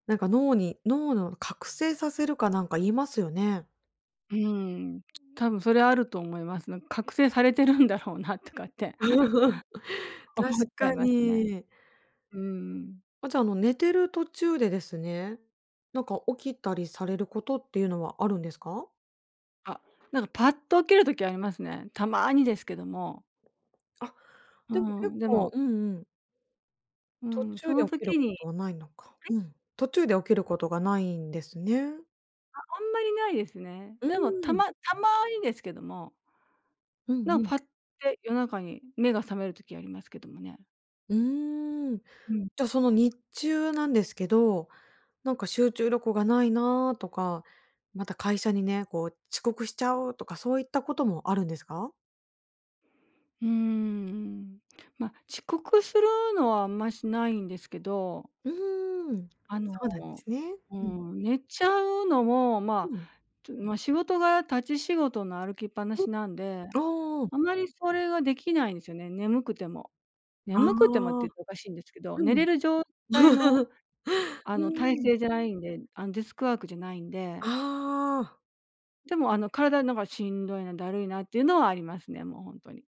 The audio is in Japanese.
なんか、脳に脳の、覚醒させるかなんか言いますよね。うーん。多分それあると思います。なんか、覚醒されてるんだろうなとかって 確思っちゃかいますね。に。うーん。あ、じゃ、あの、寝てる途中でですね、なんか、起きたりされることっていうのはあるんですか？あ、なんか、パッと起きる時ありますね、たまにですけども。あ、うーでも結ん。で構もうんうん。う途ーん、そ中での起きる時こにとはないのか。はい？うん。途中で起きることがないんですね。あ、あんまりないですね。うーでもたん。またまにですけどもうんなん、うん。パッて夜中に目が覚める時ありますけどもね。うーん。うん。じゃ、その日中なんですけど、なんか、集中力がないなとか、また会社にね、こう、「遅刻しちゃう！」とかそういったこともあるんですか？うーん、うん。ま、遅刻するのはあんまし、ないんですけどうーん、あの、そうなんですね。ううん。ん、寝ちゃうのも、うまん。あ、とまあ、仕事が立ち仕事の歩きっぱなん、しなんで、ああ。あまりそれができないんすよね、眠くても。あ眠くてもってあ。言うとおかしいんですけど、う寝ん。れる状態の、うあの、体ーん。勢じゃないんで、あの、デスクワークじゃないんでああ。でも、あの、体なんか、しんどいな、だるいなっていうのはありますね、もうほんとに。